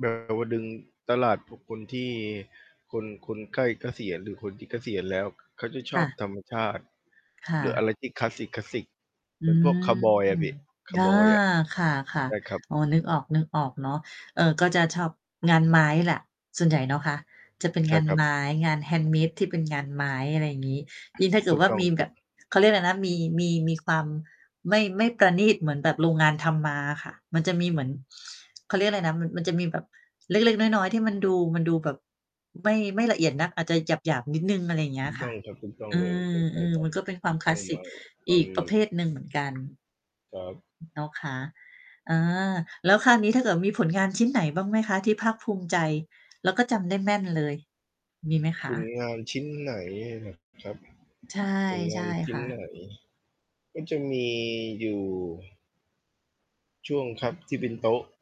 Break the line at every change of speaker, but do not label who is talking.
แบบ ว่าดึงตลาด พวกคนที่ คน คนใกล้เกษียณหรือคนที่เกษียณแล้ว เขาจะช
ค
อ
่
บธ
ะ
รรมชาติ
ค่
หรืออะ
ะ
ไรที่คลาสสิก ๆ
อ
เ
ื
หมือนพวก
ม
คาวบอยอะพี่ คา
อ
ว
า
บอยอะ
ค่ะ
ได้ครับ
ๆ นึกออก ๆ เนาะ เออ ก็ชอบงานไม้แหละ ส่วนใหญ่เนาะคะ จะเป็น
ใช
ง
่
าน
ครั
ไ
บ
ม้ งาน handmade ที่เป็นงานไม้ อะไรอย่างนี้ ยิ่งถ้าเก
ถ
ิ
ู
ด
ก
ว่า
ต้อง
มี
คร
แ
ั
บ
บ
บ เขาเรียกอะไรนะ มี-มี มีความไม่ ไม่ประณีตเหมือนแบบโรงงานทำมาอะค่ะ มันจะมีเหมือน เขาเรียกอะไรนะ ม มันจะมีแบบเล็ก ๆ น้อย ๆ ที่มันดู มันดูแบบไม่ ไม่ละเอียดนัก อาจจะหยาบ ๆ นิดหนึ่ง อะไรอย่างเงี
ถ
้ย
ูก
ค
ต
่
้อ
ะ
งครับ ถูกต้อง
อื
เลย ไม่ใช่
ม
ครั
ๆ
บ
มันก็เป็นคว
ถ
า
ู
ม
ก
ค
ต
ล
้
า
อง
สสิกอีกประเภท
ค
หนึ่ง เหมือนกัน
รับ
เนาะคะ อา แล้วคราวนี้ถ้าเกิดมีผลงานชิ้นไหนบ้างไหมคะที่ภาคภูมิใจ แล้วก็จำได้แม่นเลย มีไหมค
ผ
ะ?
ลงานชิ้นไหนเหรอครับ
ใช่
ผลง
ใช
า
่
นชิ
ค
้น
่
ไหน
ะ
ก็จะมีอยู่ ช่วงครับ ที่เป็นโต๊ะ